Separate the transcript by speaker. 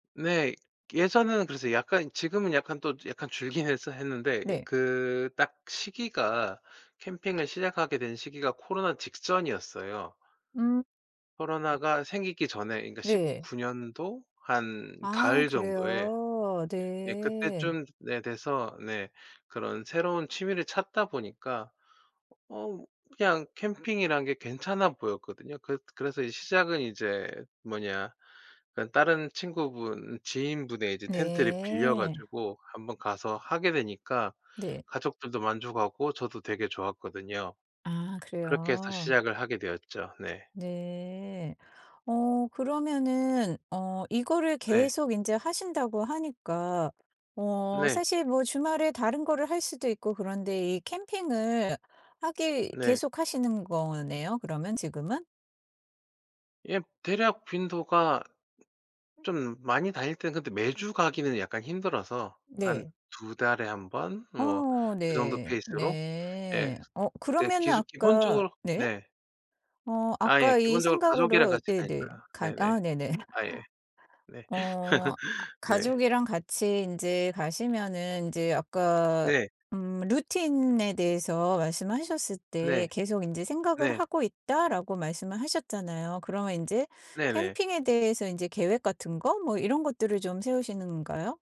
Speaker 1: 네. 예전에는 그래서 약간 지금은 약간 또 약간 줄긴 했어 했는데
Speaker 2: 네.
Speaker 1: 그 딱 시기가 캠핑을 시작하게 된 시기가 코로나 직전이었어요.
Speaker 2: 음.
Speaker 1: 코로나가 생기기 전에 그러니까
Speaker 2: 네.
Speaker 1: 19 년도 한
Speaker 2: 아
Speaker 1: 가을 정도에
Speaker 2: 그래요?
Speaker 1: 예
Speaker 2: 네.
Speaker 1: 그때쯤 네 돼서 네 그런 새로운 취미를 찾다 보니까 어 그냥 캠핑이란 게 괜찮아 보였거든요. 그 그래서 시작은 이제 뭐냐 그러니까 다른 친구분 지인분의 이제 텐트를 빌려
Speaker 2: 네.
Speaker 1: 가지고 1 번 가서 하게 되니까
Speaker 2: 네.
Speaker 1: 가족들도 만족하고 저도 되게 좋았거든요.
Speaker 2: 아
Speaker 1: 그렇게 해서
Speaker 2: 그래요?
Speaker 1: 시작을 하게 되었죠. 네.
Speaker 2: 네. 어 그러면은 어 이거를
Speaker 1: 네.
Speaker 2: 계속 인제 하신다고 하니까 어
Speaker 1: 네.
Speaker 2: 사실 뭐 주말에 다른 거를 할 수도 있고 그런데 이 캠핑을 하기
Speaker 1: 네.
Speaker 2: 계속 하시는 거네요, 그러면 지금은?
Speaker 1: 예. 대략 빈도가 좀 많이 다닐 땐 근데 매주 가기는 약간 힘들어서 한
Speaker 2: 네.
Speaker 1: 2 달에 1 번 뭐
Speaker 2: 어
Speaker 1: 그 정도
Speaker 2: 네.
Speaker 1: 페이스로 예
Speaker 2: 네. 어
Speaker 1: 근데
Speaker 2: 그러면은
Speaker 1: 기수
Speaker 2: 아까
Speaker 1: 기본적으로
Speaker 2: 네.
Speaker 1: 네.
Speaker 2: 어
Speaker 1: 아 예.
Speaker 2: 아까 이
Speaker 1: 기본적으로 가족이랑
Speaker 2: 생각으로
Speaker 1: 같이
Speaker 2: 네네.
Speaker 1: 가니까.
Speaker 2: 가
Speaker 1: 네네.
Speaker 2: 아 네네.
Speaker 1: 아 예. 네.
Speaker 2: 어 아
Speaker 1: 네.
Speaker 2: 가족이랑 같이 인제 가시면은 인제 아까
Speaker 1: 네.
Speaker 2: 음 루틴에 대해서 말씀하셨을 때
Speaker 1: 네.
Speaker 2: "계속 인제 생각을
Speaker 1: 네.
Speaker 2: 하고 있다."라고 말씀을 하셨잖아요. 그러면 인제
Speaker 1: 네네.
Speaker 2: 캠핑에 대해서 인제 계획 같은 거 뭐 이런 것들을 좀 세우시는 건가요?